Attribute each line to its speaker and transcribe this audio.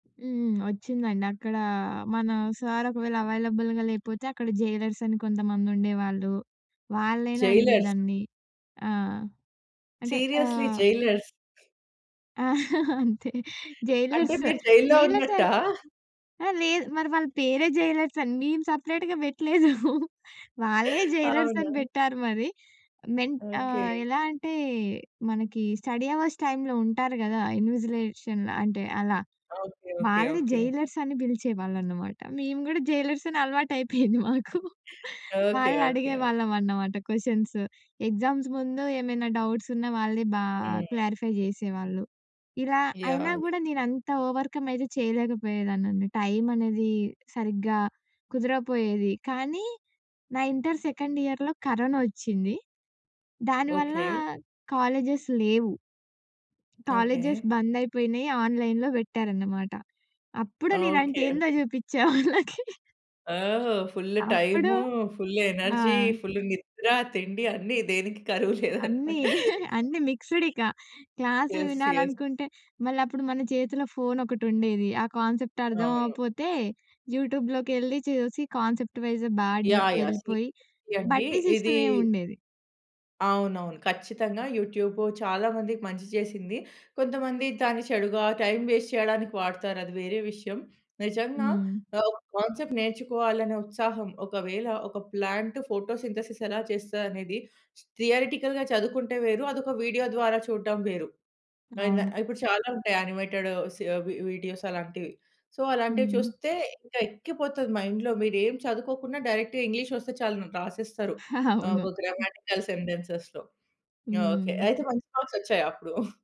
Speaker 1: హ్మ్. ఒచ్చిండి అక్కడ మన సార్ ఒకవేళ అవైలబుల్‌గా లేపోతే అక్కడ జైలర్స్ అని కొంతమందుండేవాళ్ళు. వాళ్ళనైనా
Speaker 2: జైలర్సా?
Speaker 1: అడిగేదాన్ని. ఆ! అంటే
Speaker 2: సీరియస్‌లీ
Speaker 1: ఆహ్
Speaker 2: జైలర్స్.
Speaker 1: అంతే.
Speaker 2: అంటే
Speaker 1: జైలర్స్
Speaker 2: మీరు జైల్‌లో
Speaker 1: జైలర్సే
Speaker 2: ఉన్నట్టా?
Speaker 1: ఆ! లేదు. మరి వాళ్ళ పేరే జైలర్స్ అండి. మేం సెపరేట్‌గా బెట్లేదు. వాళ్ళే జైలర్స్ అని
Speaker 2: అవునా?
Speaker 1: బెట్టారు మరి. మెన్ ఆహ్,
Speaker 2: ఓకే.
Speaker 1: ఎలా అంటే మనకి స్టడీ అవర్స్ టైమ్‌లో ఉంటారు గదా! ఇన్విజిలేషన్‌లో అంటే అలా.
Speaker 2: ఓకే. ఓకే.
Speaker 1: వాళ్ళని
Speaker 2: ఓకే.
Speaker 1: జైలర్స్ అని పిలిచేవాళ్ళన్నమాట. మేము గూడా జైలర్స్ అని అలవాటైపోయింది మాకు.
Speaker 2: హ్మ్. ఓకే. ఓకే. ఓకే.
Speaker 1: వాళ్ళనడిగేవాళ్ళం అన్నమాట క్వెషన్స్. ఎగ్జామ్స్ ముందు ఏమైనా డౌట్స్ ఉన్న వాళ్ళే బా
Speaker 2: హ్మ్.
Speaker 1: క్లారిఫై జేసేవాళ్ళు. ఇలా అయినా
Speaker 2: యాహ్! యాహ్!
Speaker 1: గూడా నేనంత ఓవర్‌కం అయితే చేయలేకపోయేదాన్నండి. టైమనేది సరిగ్గా కుదరపోయేది. కానీ నా ఇంటర్ సెకండ్ ఇయర్‌లో కరోనా ఒచ్చింది. దానివల్ల
Speaker 2: ఓకే.
Speaker 1: కాలేజేస్ లేవు. Colleges
Speaker 2: okay.
Speaker 1: బంద్ అయిపోయినియి. ఆన్‌లైన్‌లో బెట్టారన్నమాట. అప్పుడు నేనంటే
Speaker 2: ఓకే.
Speaker 1: ఏందో జూపిచ్చా వాళ్ళకి.
Speaker 2: ఓహ్! ఫుల్లు
Speaker 1: అప్పుడు
Speaker 2: టైము, ఫుల్లు
Speaker 1: ఆ!
Speaker 2: ఎనర్జీ, ఫుల్లు నిద్ర, తిండి అన్ని దేనికి కరువు
Speaker 1: అన్నీ
Speaker 2: లేదన్నమాట.
Speaker 1: అన్నీ మిక్స్డ్ ఇక. క్లాస్లు
Speaker 2: ఎస్. ఎస్
Speaker 1: వినాలనుకుంటే మళ్ళప్పుడు మన చేతిలో ఫోనొకటుండేది. ఆ కాన్సెప్ట్ అర్థం
Speaker 2: అవును.
Speaker 1: అవ్వపోతే యూట్యూబ్‌లోకెళ్లి చూసి కాన్సెప్ట్ వైజు బా
Speaker 2: యాహ్! యాహ్! సీరియస్‌లీ
Speaker 1: డీప్‌గెళ్ళిపోయి
Speaker 2: అండి.
Speaker 1: బట్టి
Speaker 2: ఇది
Speaker 1: సిస్టమే ఉండేది.
Speaker 2: అవునవును. ఖచ్చితంగా యూట్యూబు చాలా మందికి మంచి చేసింది. కొంతమంది దాన్ని చెడుగా టైం వేస్ట్ చేయడానికి వాడుతారది వేరే విషయం. నిజంగా
Speaker 1: హ్మ్.
Speaker 2: ఆహ్, ఒక కాన్సెప్ట్ నేర్చుకోవాలనే ఉత్సాహం ఒకవేళ ఒక ప్లాంట్ ఫోటోసింథసిస్ ఎలా చేస్తదనేది థియరెటికల్‌గా చదువుకుంటే వేరు. అదొక వీడియో ద్వారా చూడ్డం వేరు. అయిన
Speaker 1: అవును.
Speaker 2: ఇప్పుడు చాలా ఉంటాయి. యానిమేటెడు సి ఆహ్, వి వీడియోస్ అలాంటివి. సో అలాంటివి
Speaker 1: హ్మ్.
Speaker 2: చూస్తే ఇంకా ఎక్కిపోతది మైండ్‌లో. మీరేం చదువుకోకున్నా డైరెక్ట్‌గా ఇంగ్లీష్ ఒస్తే చాలు రాసేస్తారు. ఆహ్,
Speaker 1: అవును.
Speaker 2: ఒక
Speaker 1: హ్మ్.
Speaker 2: గ్రామాటికల్ సెంటెన్సెస్‌లో. ఓకే.
Speaker 1: హ్మ్.
Speaker 2: అయితే మంచి మార్క్స్ ఒచ్చాయా అప్పుడు?